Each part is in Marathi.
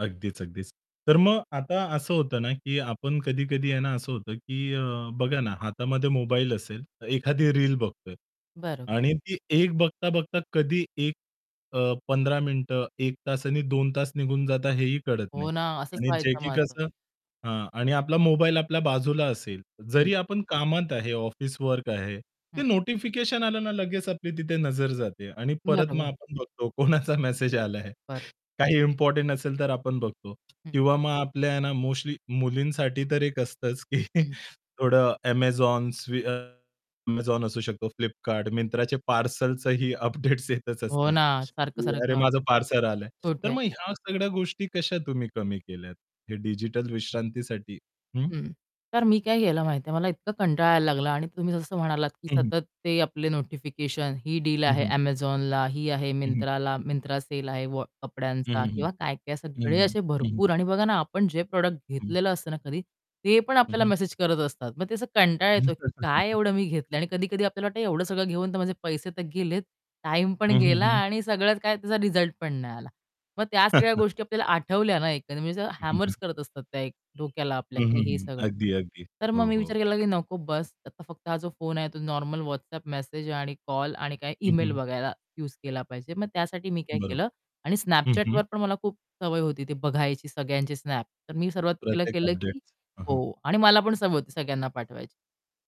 अगदीच, अगदीच. तर मग आता असं होतं ना की आपण कधी-कधी आहे ना, असं होतं की अ, बघा ना हातामध्ये मोबाईल असेल, तर एखादी रील बघतोय. बरोबर. आणि ती 1 बघता-बघता कधी एक अ, 15 मिनिटं 1 तास आणि 2 तास निघून जाता हेही कळत हो नाही. ना. असंच आणि जे व्हायचं की माझं. कसं हां आणि आपला मोबाईल आपल्या बाजूला असेल, हं. जरी आपण कामात आहे ऑफिस वर्क आहे, हं. ते नोटिफिकेशन आलं ना लगेच आपली तिथे नजर जाते आणि परत मग बरोबर. आपण बघतो कोणाचा मेसेज आला आहे. बरो काही इम्पोर्टंट असेल तर आपण बघतो. हं. किंवा मग आपल्या ना मोस्टली मुलींसाठी तर एक असतंच की हं. थोडं Amazon, स्वी अ, Amazon असू शकतो, Flipkart, मिंत्राचे पार्सलचंही अपडेट्स येतच हो असतात, ना, की अरे सारखं-सारखं. माझं पार्सल आलंय. तर कुठे? मग ह्या सगळ्या गोष्टी कशा तुम्ही कमी केल्या, हे डिजिटल विश्रांतीसाठी, हं? हं. तर मी काय केलं माहितीये? मला इतका कंटाळा यायला लागला आणि तुम्ही जसं म्हणालात, की हं, हं. सतत ते आपले नोटिफिकेशन ही डील हं, आहे हं. Amazonला, ही आहे हं, हं. Myntraला, Myntra सेल आहे वॉ हं, कपड्यांचा हं, हं. किंवा काय-काय हं, सगळे असे हं. हं. भरपूर आणि बघा ना आपण जे प्रॉडक्ट हं. घेतलेलं असतं ना कधी, ते पण हं, आपल्याला हं. मेसेज करत असतात. मग ते असं कंटाळा येतो की काय एवढं मी घेतलंय आणि कधी-कधी आपल्याला वाटतं, एवढं सगळं घेऊन तर माझे पैसे तर गेलेत, टाईम पण हं, गेला हं, हं. आणि सगळ्यात काय, त्याचा रिझल्ट पण नाही आला. मग त्या सगळ्या गोष्टी आपल्याला आठवल्या ना एखादी वेळेस, म्हणजे हं, हं, हॅमर्स हं. करत असतात त्या एक डोक्याला आपल्या हं, की हं, हे हं, सगळं. अगदी, अगदी. तर मग हो, मी हो. विचार केला की "नको बस्स, आता फक्त हा जो फोन आहे तो नॉर्मल WhatsApp मेसेज आणि कॉल आणि काय हं, इमेल हं. बघायला युज केला पाहिजे." मग त्यासाठी मी काय बरोबर. केलं आणि हं, हं Snapchatवर पण मला खूप सवय होती ती बघायची सगळ्यांची Snap. तर मी सर्वात पहिलं प्रत्येक केलं की अपडेट्स, हं, हं. हो आणि मला पण सवय होती सगळ्यांना पाठवायची.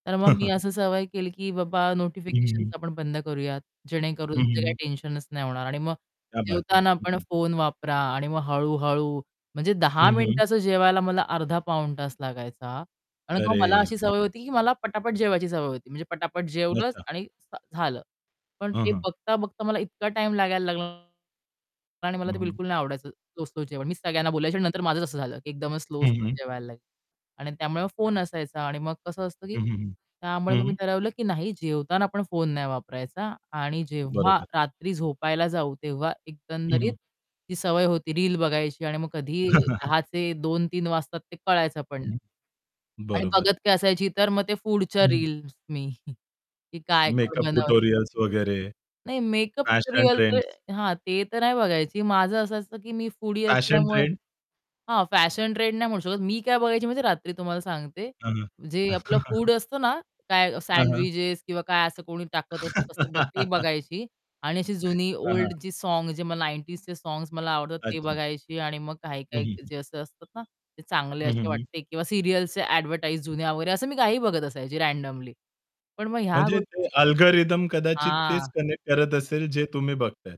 तर मग मी अशी सवय केली, की बाबा हं, हं, नोटिफिकेशन्स हं. आपण बंद करूयात, जेणेकरून हं, जे हं, काही हं. टेन्शनच नाही होणार आणि मग क्या बात है जेवताना हं, पण हं. फोन वापरा आणि मग हळू-हळू म्हणजे 10 हं, हं. मिनिटाचं जेवायला मला अर्धा-पाऊण तास लागायचा. आणि मग मला अरे अशी सवय [unintelligible] होती की मला पटापट जेवायची सवय होती. म्हणजे पटापट जेवलंच अच्छा. आणि झालं. पण हं, ते हं. बघता-बघता मला इतका टाईम लागायला लागला आणि मला हं, ते हं. बिलकुल नाही आवडायचं स्लो-स्लो जेवण. मीच सगळ्यांना बोलायची आणि नंतर माझच असं झालं की एकदमच हं, स्लो-स्लो हं. जेवायला लागले. आणि त्यामुळे मग फोन असायचा आणि मग कसं असतं की हं, हं, हं. त्यामुळे मग मी हं. ठरवलं की नाही जेवताना आपण फोन नाही वापरायचा आणि जेव्हा बरोबर. रात्री झोपायला जाऊ, तेव्हा हं, एकंदरीत हं. ती सवय होती रील बघायची आणि मग हं, कधीही हं, हं. 10:00चे 2:00-3:00 वाजतात ते कळायचं पण नाही. हं, आणि बरोबर. बघत काय असायची तर मग ते फूडच्या हं, हं. रील्स मी काय कोण मेकअप बनव [unintelligible] ट्युटोरियल्स वगैरे, नाही मेकअप फॅशन रिअल तर ट्रेंड्स. हां, ते तर नाही बघायची. माझं असं असतं की मी फूडी फॅशन असल्यामुळे ट्रेंड? हां, फॅशन ट्रेंड नाही म्हणू शकत मी काय बघायची माहिती रात्री तुम्हाला सांगते, हां, हां. जे आपलं फूड असतं ना काय हां, हां. सँडविचेस किंवा काय असं कोणी टाकत असतं तसं बघ ते बघायची आणि अशी जुनी हां, ओल्ड हां. जी सॉन्ग जे मग 90sचे सॉन्ग्स मला आवडतात ते अच्छा. बघायची आणि मग हं, हं, काही-काही हं. जे असे असतात ना, ते चांगले हं, असे हं, हं. वाटते किंवा सिरिअल्सचे ॲडव्हर्टाइज जुन्या वगैरे असं मी काहीही बघत असायची रँडमली. पण मग ह्या म्हणजे गोष्टी ते अल्गोरिथम कदाचित हां, तेच कनेक्ट करत [unintelligible] असेल जे तुम्ही बघताय.